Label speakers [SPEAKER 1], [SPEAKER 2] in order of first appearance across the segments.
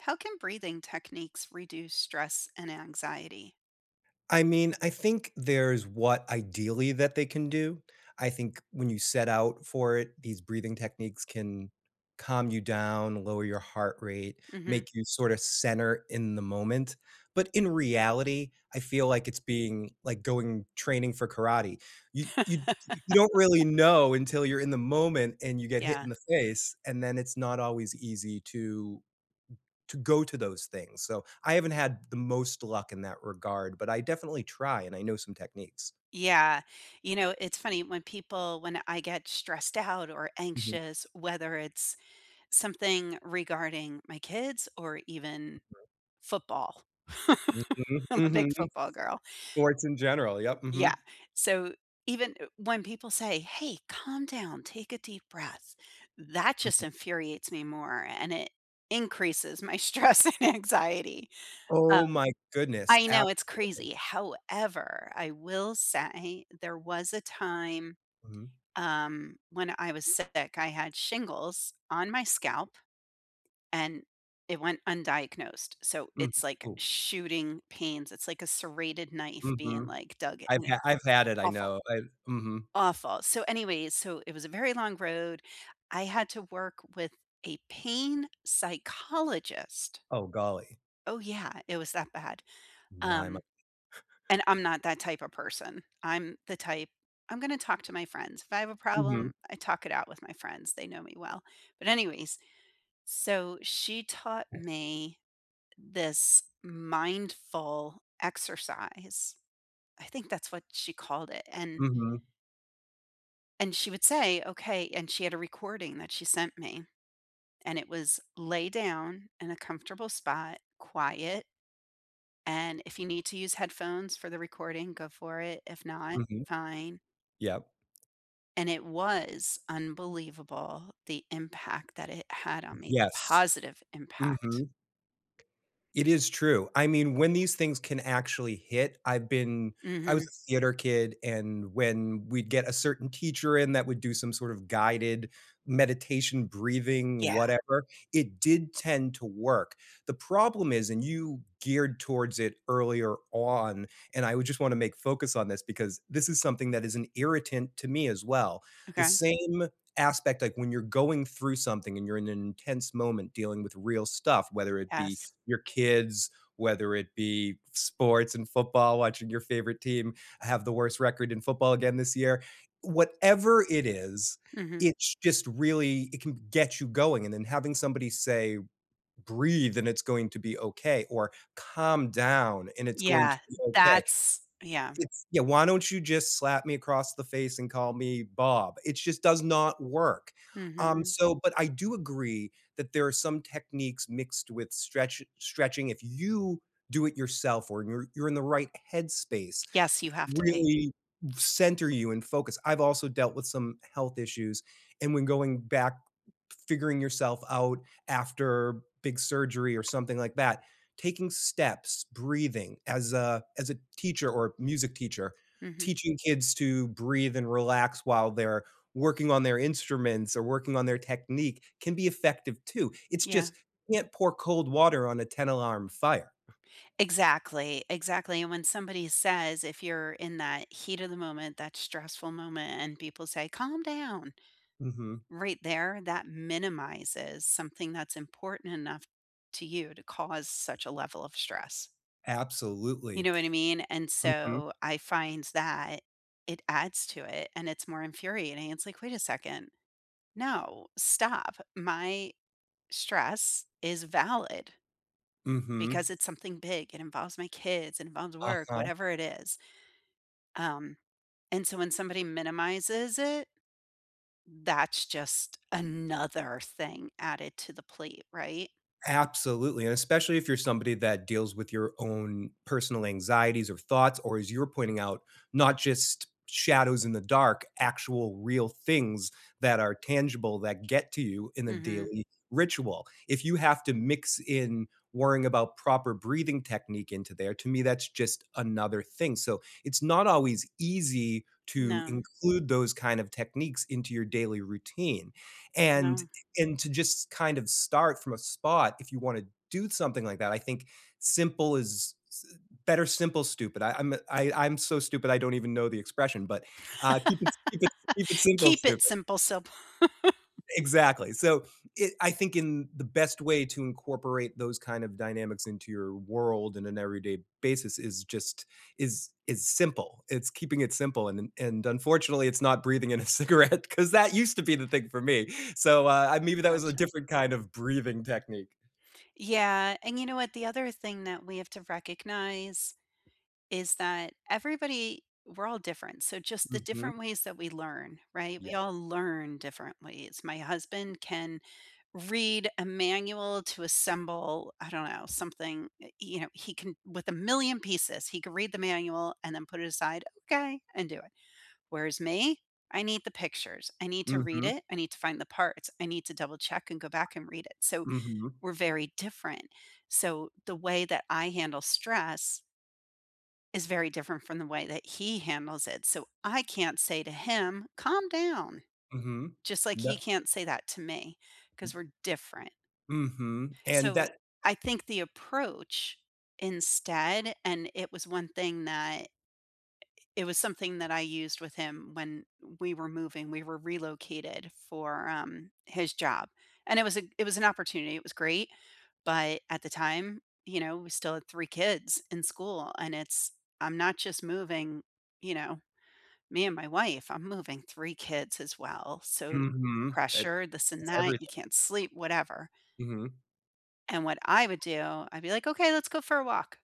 [SPEAKER 1] How can breathing techniques reduce stress and anxiety?
[SPEAKER 2] I mean, I think there's what ideally that they can do. I think when you set out for it, these breathing techniques can calm you down, lower your heart rate, make
[SPEAKER 1] Mhm.
[SPEAKER 2] you sort of center in the moment. But in reality, I feel like it's being like, going training for karate. Y y you don't really know until you're in the moment and you get hit
[SPEAKER 1] Yeah.
[SPEAKER 2] in the face, and then it's not always easy to to go to those things. So I haven't had the most luck in that regard, but I definitely try, and I know some techniques.
[SPEAKER 1] Yeah. You know, it's funny. When people when I get stressed out or
[SPEAKER 2] Mhm.
[SPEAKER 1] anxious, whether it's something regarding my kids or even
[SPEAKER 2] Mhm.
[SPEAKER 1] football.
[SPEAKER 2] Mhm.
[SPEAKER 1] I'm a
[SPEAKER 2] Mhm.
[SPEAKER 1] big football girl.
[SPEAKER 2] Sports in general, yep,
[SPEAKER 1] Yeah.
[SPEAKER 2] mhm.
[SPEAKER 1] So even, eh, when people say, “Hey, calm down, take a deep breath.” That just
[SPEAKER 2] Mhm.
[SPEAKER 1] infuriates me more, and it increases my stress and anxiety. Um,
[SPEAKER 2] Oh my goodness.
[SPEAKER 1] I know it's
[SPEAKER 2] Absolutely.
[SPEAKER 1] crazy, however, I will say there was a time,
[SPEAKER 2] Mhm.
[SPEAKER 1] um, when I was sick. I had shingles on my scalp, and it went undiagnosed. So
[SPEAKER 2] Mm,
[SPEAKER 1] it's like
[SPEAKER 2] oh.
[SPEAKER 1] shooting pains. It's like a serrated knife being,
[SPEAKER 2] Mhm.
[SPEAKER 1] like, dug
[SPEAKER 2] I've had
[SPEAKER 1] in
[SPEAKER 2] I've had it, I
[SPEAKER 1] Awful.
[SPEAKER 2] know. I mhm.
[SPEAKER 1] Awful. So, anyways, so it was a very long road. I had to work with a pain psychologist.
[SPEAKER 2] Oh, golly.
[SPEAKER 1] Oh, yeah. It was that bad.
[SPEAKER 2] My my
[SPEAKER 1] Um, and I'm not that type of person. I'm the type I'm gonna talk to my friends. If I have a
[SPEAKER 2] Mhm.
[SPEAKER 1] problem, I talk it out with my friends. They know me well. But, anyways, so she taught me this mindful exercise. I think that's what she called it, and
[SPEAKER 2] Mhm.
[SPEAKER 1] And she would say, "Okay" And she had a recording that she sent me, and it was: "Lay down in a comfortable spot, quiet. And if you need to use headphones for the recording, go for it. If not,
[SPEAKER 2] Mhm.
[SPEAKER 1] fine."
[SPEAKER 2] Yep.
[SPEAKER 1] And it was unbelievable, the impact that it had on me, the
[SPEAKER 2] Yes.
[SPEAKER 1] positive impact.
[SPEAKER 2] Mhm. It is true. I mean, when these things can actually hit, I've been I was
[SPEAKER 1] Mhm.
[SPEAKER 2] a theater kid, and when we'd get a certain teacher in that would do some sort of guided meditation, breathing,
[SPEAKER 1] Yeah.
[SPEAKER 2] whatever, it did tend to work. The problem is and you geared towards it earlier on, and I would just want to make focus on this because this is something that is an irritant to me as well. The
[SPEAKER 1] Okay.
[SPEAKER 2] same aspect, like, when you're going through something and you're in an intense moment dealing with real stuff, whether it be
[SPEAKER 1] Yes.
[SPEAKER 2] your kids, whether it be sports and football watching your favorite team have the worst record in football again this year. Whatever it is,
[SPEAKER 1] Mhm.
[SPEAKER 2] it's just really it can get you going. And then having somebody say, "Breathe and it's going to be okay," or "Calm down and it's going to
[SPEAKER 1] Yeah.
[SPEAKER 2] be okay,"
[SPEAKER 1] That's yeah.
[SPEAKER 2] it's "Yeah, why don't you just slap me across the face and call me Bob?" It just does not work. Um,
[SPEAKER 1] Mhm.
[SPEAKER 2] so, but I do agree that there are some techniques mixed with stretchi stretching. If you do it yourself or you're you're in the right headspace,
[SPEAKER 1] Yes, you have to be.
[SPEAKER 2] really center you in focus. I've also dealt with some health issues. And when going back figuring yourself out after big surgery or something like that, taking steps, breathing as, uh, as a teacher or music teacher,
[SPEAKER 1] Mhm.
[SPEAKER 2] teaching kids to breathe and relax while they're working on their instruments or working on their technique can be effective too. It's
[SPEAKER 1] Yeah.
[SPEAKER 2] just you can't pour cold water on a 10-alarm fire.
[SPEAKER 1] Exactly, exactly, and when somebody says if you're in that heat of the moment, that stressful moment, and people say, "Calm down,"
[SPEAKER 2] Mhm.
[SPEAKER 1] right there, that minimizes something that's important enough to you to cause such a level of stress. You
[SPEAKER 2] Absolutely.
[SPEAKER 1] know what I mean? And
[SPEAKER 2] Mhm.
[SPEAKER 1] so, I find that, it adds to it, and it's more infuriating. It's like, "Wait a second. No. Stop. My stress is valid.
[SPEAKER 2] Mhm.
[SPEAKER 1] Because it's something big. It involves my kids, it involves work,
[SPEAKER 2] Uh-huh.
[SPEAKER 1] whatever it is." Um. And so, when somebody minimizes it that's just another thing added to the plate. Right?
[SPEAKER 2] Absolutely, and especially if you're somebody that deals with your own personal anxieties, or thoughts or, as you were pointing out, not just shadows in the dark, actual real things that are tangible that get to you in the
[SPEAKER 1] Mhm.
[SPEAKER 2] daily ritual. If you have to mix in worrying about proper breathing technique into there, to me that's just another thing. So it's not always easy, to
[SPEAKER 1] No.
[SPEAKER 2] include those kind of techniques into your daily routine, and
[SPEAKER 1] No.
[SPEAKER 2] and to just kind of start from a spot if you want to do something like that, I think simple is s better simple stupid. I I'm a I I'm so stupid I don't even know the expression, but, uh, keep it keep it keep it simple
[SPEAKER 1] Keep
[SPEAKER 2] stupid.
[SPEAKER 1] it simple sup
[SPEAKER 2] Exactly. So, i I think in the best way to incorporate those kind of dynamics into your world in an everyday basis is just is is simple. It's keeping it simple, and un and unfortunately, it's not breathing in a cigarette 'cause that used to be the thing for me. So, uh, maybe that was a
[SPEAKER 1] Gotcha.
[SPEAKER 2] different kind of breathing technique.
[SPEAKER 1] Yeah, and you know what? The other thing that we have to recognize, is that everybody we're all different. So just the
[SPEAKER 2] Mhm.
[SPEAKER 1] different ways that we learn. Right? We all
[SPEAKER 2] Yes.
[SPEAKER 1] learn differently, it's My husband can read a manual to assemble, I don't know, something, uh, you know, he can with a million pieces, he can read the manual and then put it aside, "Okay," and do it. Whereas me, I need the pictures. I need to read
[SPEAKER 2] Mhm.
[SPEAKER 1] it. I need to find the parts. I need to double check and go back and read it. So,
[SPEAKER 2] Mhm.
[SPEAKER 1] we're very different. So, the way that I handle stress is very different from the way that he handles it. So I can't say to him, "Calm down."
[SPEAKER 2] Mhm,
[SPEAKER 1] Just like he
[SPEAKER 2] tha
[SPEAKER 1] can't say that to me 'cause we're different.
[SPEAKER 2] Mhm, and tha
[SPEAKER 1] So, I think the approach instead and it was one thing that it was something that I used with him when we were moving. We were relocated for, um, his job, and it was a it was an opportunity. It was great. But at the time, you know, we still had 3 kids in school, and it's "I'm not just moving," you know, "me and my wife. I'm moving 3 kids as well." So,
[SPEAKER 2] Mhm. It
[SPEAKER 1] pressure, this and
[SPEAKER 2] that’s
[SPEAKER 1] that. You
[SPEAKER 2] everything.
[SPEAKER 1] can't sleep, whatever.
[SPEAKER 2] Mhm.
[SPEAKER 1] And what I would do, I'd be like, "Okay. Let's go for a walk."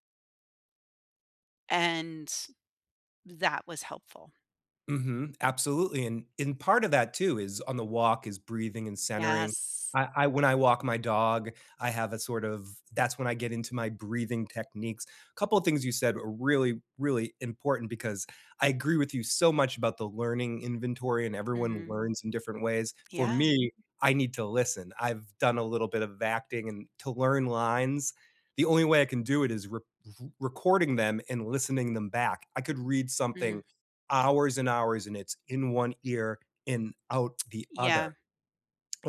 [SPEAKER 1] And, that was helpful.
[SPEAKER 2] Mhm. Absolutely. And and part of that, too, is on the walk is breathing and centering.
[SPEAKER 1] Yes.
[SPEAKER 2] I I when I walk my dog, I have a sort of that's when I get into my breathing techniques. A couple things you said are really, really important because I agree with you so much about the learning inventory and everyone
[SPEAKER 1] Mhm.
[SPEAKER 2] learns in different ways. For
[SPEAKER 1] Yeah.
[SPEAKER 2] me, I need to listen. I've done a little bit of acting and to learn lines, the only way I can do it is r r recording them and listening them back. I could read something
[SPEAKER 1] Mm.
[SPEAKER 2] hours and hours, and it's in one ear and out the other.
[SPEAKER 1] Yeah.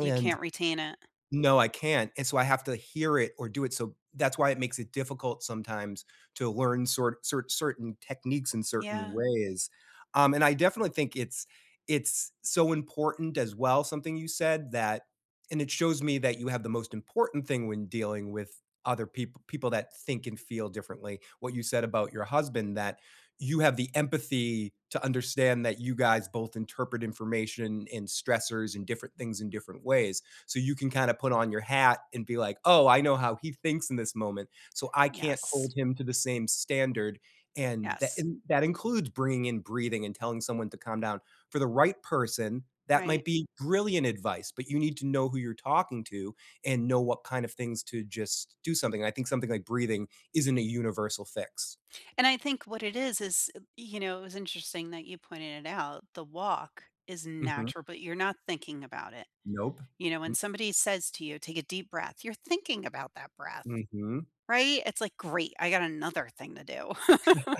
[SPEAKER 1] You can't retain it.
[SPEAKER 2] no, I can't. And so, I have to hear it or do it. So, that's why it makes it difficult sometimes to learn sor cer certain techniques in certain
[SPEAKER 1] Yeah.
[SPEAKER 2] ways. Um, and I definitely think it's it's so important, as well, something you said, that and it shows me that you have the most important thing when dealing with other peop people that think and feel differently. What you said about your husband that you have the empathy to understand that you guys both interpret information, and stressors, and different things, in different ways. So, you can kind of put on your hat and be like, "Oh, I know how he thinks in this moment. So, I can't
[SPEAKER 1] Yes.
[SPEAKER 2] hold him to the same standard." And that
[SPEAKER 1] Yes.
[SPEAKER 2] and that includes bringing in breathing and telling someone to calm down. For the right person, that
[SPEAKER 1] Right.
[SPEAKER 2] might be brilliant advice, but you need to know who you're talking to, and know what kind of things to just do something. I think something like breathing isn't a universal fix.
[SPEAKER 1] And I think what it is is, y you know, it was interesting that you pointed it out. The walk is
[SPEAKER 2] Mhm.
[SPEAKER 1] natural, but you're not thinking about it.
[SPEAKER 2] Nope.
[SPEAKER 1] You know, when
[SPEAKER 2] Mm
[SPEAKER 1] somebody says to you, "Take a deep breath," you're thinking about that breath,
[SPEAKER 2] Mhm.
[SPEAKER 1] right? It's like, "Great. I got another thing to do."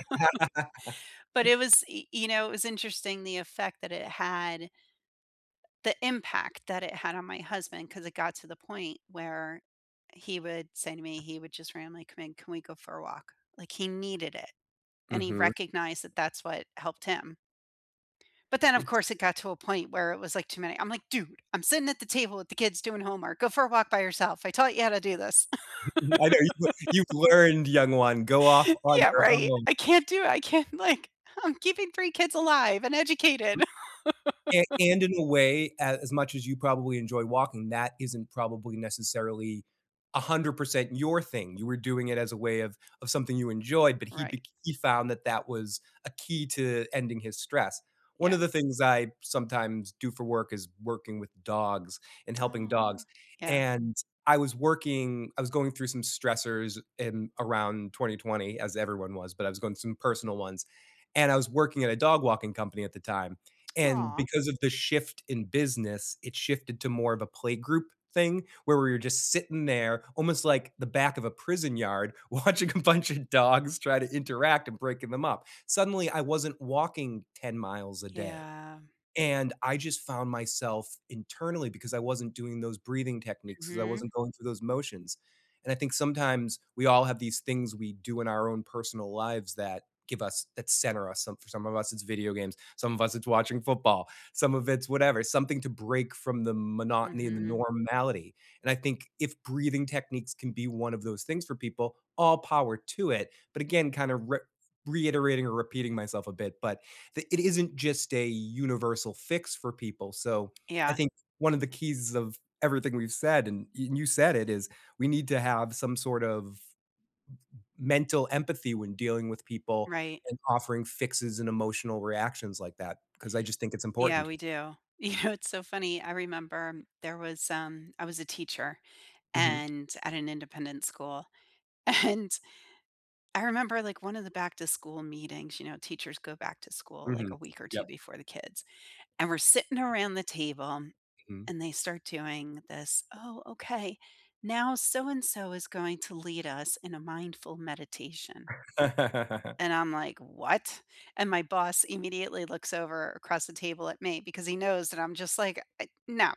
[SPEAKER 1] But it was, y you know, it was interesting the effect that it had the impact that it had on my husband 'cause it got to the point where he would say to me, he would just randomly come in, "Can we go for a walk?" Like, he needed it, and he
[SPEAKER 2] Mhm.
[SPEAKER 1] recognized that that's what helped him. But then, of
[SPEAKER 2] It's
[SPEAKER 1] course, it got to a point where it was, like, too many. I'm like, "Dude, I'm sitting at the table with the kids doing homework. Go for a walk by yourself. I taught you how to do this."
[SPEAKER 2] I know you've you've learned, young one. Go off on
[SPEAKER 1] Yeah.
[SPEAKER 2] your
[SPEAKER 1] Right?
[SPEAKER 2] own.
[SPEAKER 1] "I can't do it. I can't like, I'm keeping 3 kids alive and educated."
[SPEAKER 2] And and in a way, as as much as you probably enjoy walking, that isn't probably necessarily 100% your thing. You were doing it as a way of of something you enjoyed, but he
[SPEAKER 1] Right.
[SPEAKER 2] bec he found that that was a key to ending his stress. One
[SPEAKER 1] Yeah.
[SPEAKER 2] of the things I sometimes do for work is working with dogs, and helping
[SPEAKER 1] Aw.
[SPEAKER 2] dogs,
[SPEAKER 1] Yeah.
[SPEAKER 2] and I was working I was going through some stressors in around 2020 as everyone was, but I was going through some personal ones, and I was working at a dog walking company at the time, and
[SPEAKER 1] Aw.
[SPEAKER 2] because of the shift in business, it shifted to more of a playgroup thing where we were just sitting there almost like the back of a prison yard watching a bunch of dogs try to interact and breaking them up. Suddenly, I wasn't walking 10 miles a day,
[SPEAKER 1] Yeah.
[SPEAKER 2] and I just found myself internally because I wasn't doing those breathing techniques, because I
[SPEAKER 1] Mhm.
[SPEAKER 2] wasn't going through those motions. And I think sometimes we all have these things we do in our own personal lives that give us that center us. Some of for some of us, it's video games. Some of us, it's watching football. Some of it's whatever. Something to break from the monotony and the
[SPEAKER 1] Mhm.
[SPEAKER 2] normality. And I think if breathing techniques can be one of those things for people, all power to it. But again, kind of r reiterating or repeating myself a bit, but the it isn't just a universal fix for people. So, I
[SPEAKER 1] Yeah.
[SPEAKER 2] think one of the keys of everything we've said, and y you said it, is we need to have some sort of m mental empathy when dealing with people,
[SPEAKER 1] Right.
[SPEAKER 2] and offering fixes, and emotional reactions like that because I just think it's
[SPEAKER 1] Yeah,
[SPEAKER 2] important.
[SPEAKER 1] we do. You know, it's so funny, I remember there was, um I was a teacher
[SPEAKER 2] Mhm.
[SPEAKER 1] and at an independent school, and, I remember, like, one of the back-to-school meetings, you know, teachers go back to school, like,
[SPEAKER 2] Mhm,
[SPEAKER 1] a week or
[SPEAKER 2] yep.
[SPEAKER 1] 2 before the kids, and we're sitting around the table,
[SPEAKER 2] Mhm.
[SPEAKER 1] and they start doing this, "Oh, okay. Now so-and-so is going to lead us in a mindful meditation." And I'm like, "What?" And my boss immediately looks over across the table at me because he knows that I'm just like, "Uh, no."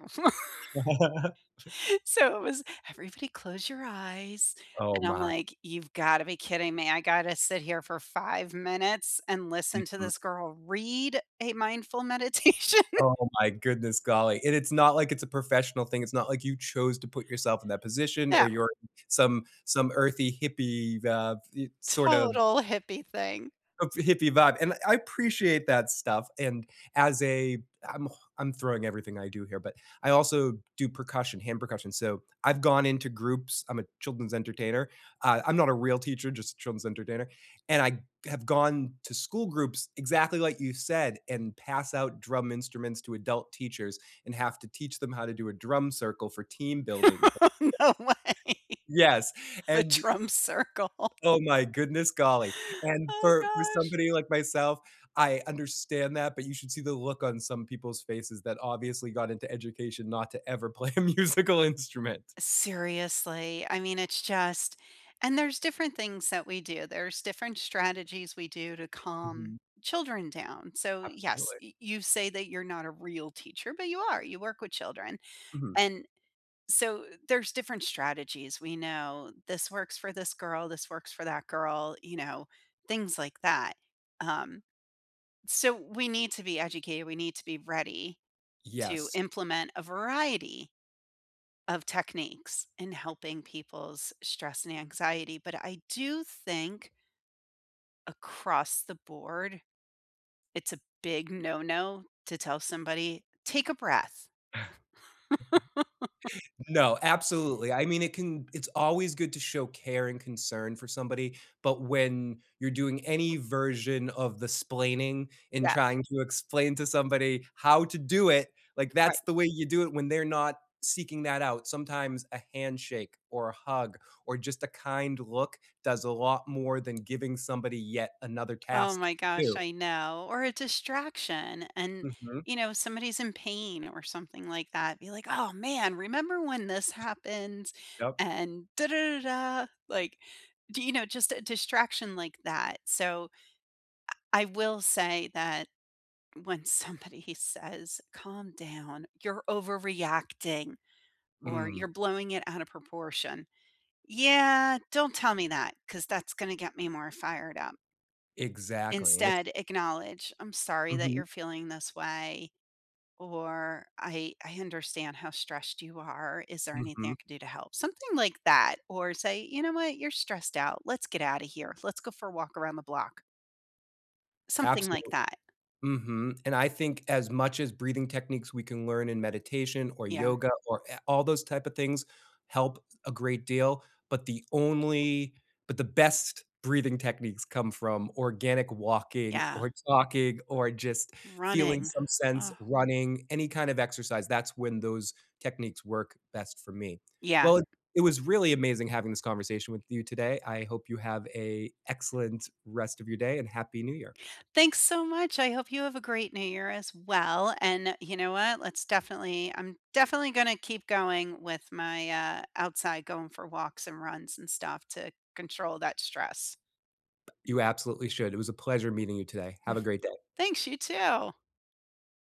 [SPEAKER 1] So, it was, "Everybody close your eyes."
[SPEAKER 2] Oh
[SPEAKER 1] And I'm
[SPEAKER 2] my.
[SPEAKER 1] like, "You've gotta be kidding me. I gotta sit here for 5 minutes and listen to
[SPEAKER 2] Mhm.
[SPEAKER 1] this girl read a mindful meditation?"
[SPEAKER 2] Oh my goodness, golly. And it's not like it's a professional thing. It's not like you chose to put yourself in that position, or
[SPEAKER 1] No.
[SPEAKER 2] you're some some earthy hippie, uh, e sort of
[SPEAKER 1] Total hippie thing.
[SPEAKER 2] of hippie vibe. And I appreciate that stuff. And as a I'm ho throwing everything I do here, but I also do percussion, hand percussion. So, I've gone into groups I'm a children's entertainer. I I'm not a real teacher, just a children's entertainer. And I have gone to school groups, exactly like you said, and pass out drum instruments to adult teachers and have to teach them how to do a drum circle for team building success.
[SPEAKER 1] No way.
[SPEAKER 2] Yes,
[SPEAKER 1] The
[SPEAKER 2] and
[SPEAKER 1] drum circle.
[SPEAKER 2] Oh my goodness, golly. And
[SPEAKER 1] Oh
[SPEAKER 2] for for
[SPEAKER 1] gosh.
[SPEAKER 2] somebody like myself, I understand that, but you should see the look on some people's faces that obviously got into education not to ever play a musical instrument.
[SPEAKER 1] Seriously. I mean, it's just and there's different things that we do. There's different strategies we do to
[SPEAKER 2] Mhm.
[SPEAKER 1] calm children down. So, yes,
[SPEAKER 2] Absolutely.
[SPEAKER 1] y you say that you're not a real teacher, but you are, you work with children.
[SPEAKER 2] Mhm.
[SPEAKER 1] And, so th there's different strategies. We know this works for this girl. This works for that girl, you know, things like that. Um, so, we need to be educated. We need to be ready to
[SPEAKER 2] Yes.
[SPEAKER 1] implement a variety of techniques in helping people's stress and anxiety. But, I do think across the board, it's a big no-no to tell somebody, "Take a breath."
[SPEAKER 2] No, absolutely. I mean, it can it's always good to show care, and concern, for somebody, but when you're doing any version of the 'splaining and
[SPEAKER 1] Yeah.
[SPEAKER 2] trying to explain to somebody how to do it. Like,
[SPEAKER 1] Right.
[SPEAKER 2] that's the way you do it when they're not seeking that out. Sometimes a handshake, or a hug, or just a kind look does a lot more than giving somebody yet another
[SPEAKER 1] Oh
[SPEAKER 2] task
[SPEAKER 1] my
[SPEAKER 2] to
[SPEAKER 1] gosh,
[SPEAKER 2] do.
[SPEAKER 1] I know. Or a distraction. And,
[SPEAKER 2] Mhm.
[SPEAKER 1] you know, somebody's in pain or something like that, be like, "Oh, man. Remember when this happens?"
[SPEAKER 2] Yep.
[SPEAKER 1] And, like, do you know, just a distraction like that. So, I I will say that when somebody says, "Calm down, you're overreacting," or,
[SPEAKER 2] Mm.
[SPEAKER 1] "You're blowing it out of proportion." Yeah. Don't tell me that 'cause that's gonna get me more fired up.
[SPEAKER 2] Exactly, and it's
[SPEAKER 1] Instead, acknowledge. "I'm sorry that
[SPEAKER 2] Mhm.
[SPEAKER 1] you're feeling this way," or "I I understand how stressed you are. Is there anything
[SPEAKER 2] Mhm.
[SPEAKER 1] I can do to help?" Something like that. Or say, "You know what? You're stressed out. Let's get out of here. Let's go for a walk around the block." Something like
[SPEAKER 2] Absolutely.
[SPEAKER 1] that.
[SPEAKER 2] Mhm. And I think as much as breathing techniques we can learn in meditation, or
[SPEAKER 1] Yeah.
[SPEAKER 2] yoga, or a all those type of things help a great deal, but the only but the best breathing techniques come from organic walking,
[SPEAKER 1] Yeah.
[SPEAKER 2] or talking, or just feeling
[SPEAKER 1] Running.
[SPEAKER 2] some sense
[SPEAKER 1] Oh.
[SPEAKER 2] running, any kind of exercise. That's when those techniques work best for me.
[SPEAKER 1] Yeah.
[SPEAKER 2] Well, it it was really amazing having this conversation with you today. I hope you have a excellent rest of your day, and happy New Year.
[SPEAKER 1] Thanks so much. I hope you have a great New Year, as well. And you know what? Let's definitely I'm definitely gonna keep going with my, uh, outside going for walks, and runs, and stuff to control that stress.
[SPEAKER 2] You absolutely should. It was a pleasure meeting you today. Have a great day.
[SPEAKER 1] Thanks. You, too.